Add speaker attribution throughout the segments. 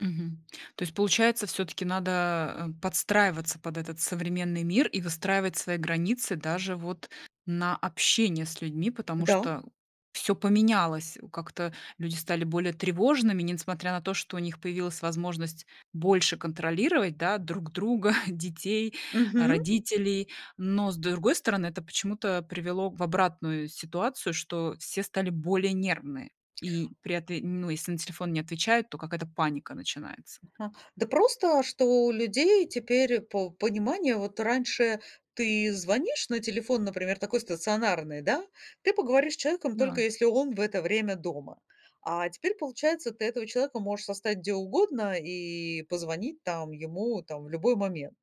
Speaker 1: Мгм. То есть получается, всё-таки надо, эм, подстраиваться под этот современный мир и выстраивать свои границы даже вот на общение с людьми, потому
Speaker 2: Да.
Speaker 1: что всё поменялось, о, как-то люди стали более тревожными, несмотря на то, что у них появилась возможность больше контролировать, да, друг друга, детей, а,
Speaker 2: Мгм.
Speaker 1: родителей. Но, с другой стороны, это почему-то привело в обратную ситуацию, что все стали более нервные, и при этом, ну, если на телефон не отвечают, то какая-то паника начинается.
Speaker 2: Ага, да просто, что у людей теперь по пониманию. Вот раньше ты звонишь на телефон, например, такой стационарный, да, ты поговоришь с человеком, только
Speaker 1: Да.
Speaker 2: если он в это время дома. А теперь получается, ты этого человека можешь застать где угодно и позвонить там ему там в любой момент.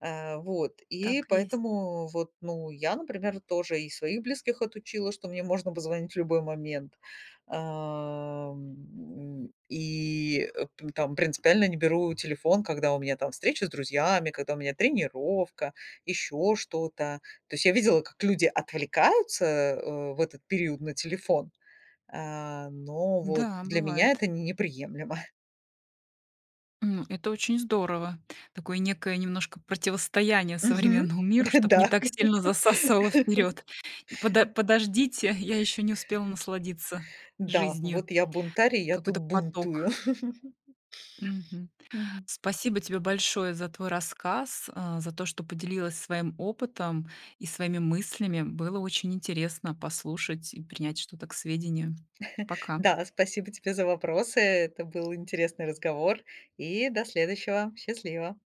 Speaker 2: А, вот, и
Speaker 1: Так и есть.
Speaker 2: поэтому вот, ну, я, например, тоже и своих близких отучила, что мне можно позвонить в любой момент, ам, и, э, там принципиально не беру телефон, когда у меня там встреча с друзьями, когда у меня тренировка, ещё что-то. То есть я видела, как люди отвлекаются, э, в этот период на телефон, а, но вот
Speaker 1: Да,
Speaker 2: для меня
Speaker 1: бывает.
Speaker 2: это не неприемлемо.
Speaker 1: М, это очень здорово, такое некое немножко противостояние
Speaker 2: Мгм.
Speaker 1: современному миру, чтоб не
Speaker 2: Да.
Speaker 1: так сильно засасывало вперёд. Подо подождите, я ещё не успела насладиться
Speaker 2: Да,
Speaker 1: жизнью.
Speaker 2: вот я бунтарь, я тут
Speaker 1: Какой-то
Speaker 2: бунтую.
Speaker 1: поток. Мгм.
Speaker 2: Мгм.
Speaker 1: Спасибо тебе большое за твой рассказ, а, за то, что поделилась своим опытом и своими мыслями. Было очень интересно послушать и принять что-то к сведению. Пока.
Speaker 2: Да, спасибо тебе за вопросы. Это был интересный разговор, и до следующего. Счастливо.